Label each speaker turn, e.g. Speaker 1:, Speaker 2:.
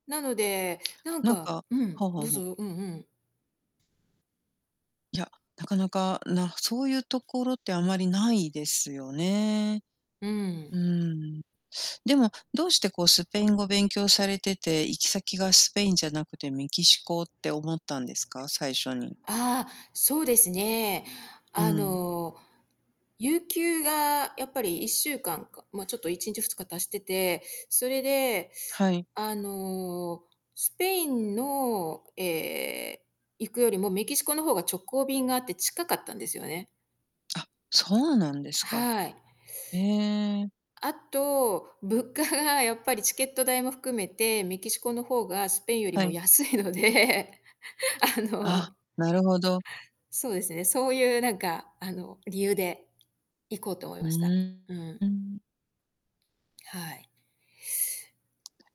Speaker 1: なので、なん
Speaker 2: なんか
Speaker 1: か
Speaker 2: は
Speaker 1: う
Speaker 2: あ
Speaker 1: ん、
Speaker 2: は
Speaker 1: ど
Speaker 2: あ
Speaker 1: う
Speaker 2: はあ。
Speaker 1: ぞ、うんうん。
Speaker 2: いや、なかなか、なそうゆうところってあまりないですよね。
Speaker 1: うん。
Speaker 2: うーん。でも、どうして、こう、スペイン語勉強されてて、行き先がスペインじゃなくてメキシコって思ったんですか？最初に。
Speaker 1: ああ、そうですね。
Speaker 2: う
Speaker 1: あ
Speaker 2: ん。
Speaker 1: の、有給がやっぱり1週間か、ま、ちょっと1日、2日足してて、それで、
Speaker 2: はい。
Speaker 1: あの、スペインの、ええ、行くよりも、メキシコの方が直行便があって近かったんですよね。
Speaker 2: あ、そうなんですか。
Speaker 1: はい。
Speaker 2: ええ。
Speaker 1: あと、物価が、やっぱり、チケット代も含めて、メキシコの方がスペインより
Speaker 2: は
Speaker 1: も
Speaker 2: い。
Speaker 1: 安いので、あ
Speaker 2: あ、
Speaker 1: の
Speaker 2: なるほど。
Speaker 1: そうですね、そうゆうなんか、あの、理由で行こうと思い
Speaker 2: うう
Speaker 1: ました。
Speaker 2: ん。
Speaker 1: う
Speaker 2: う
Speaker 1: ん。
Speaker 2: ーん。
Speaker 1: はい。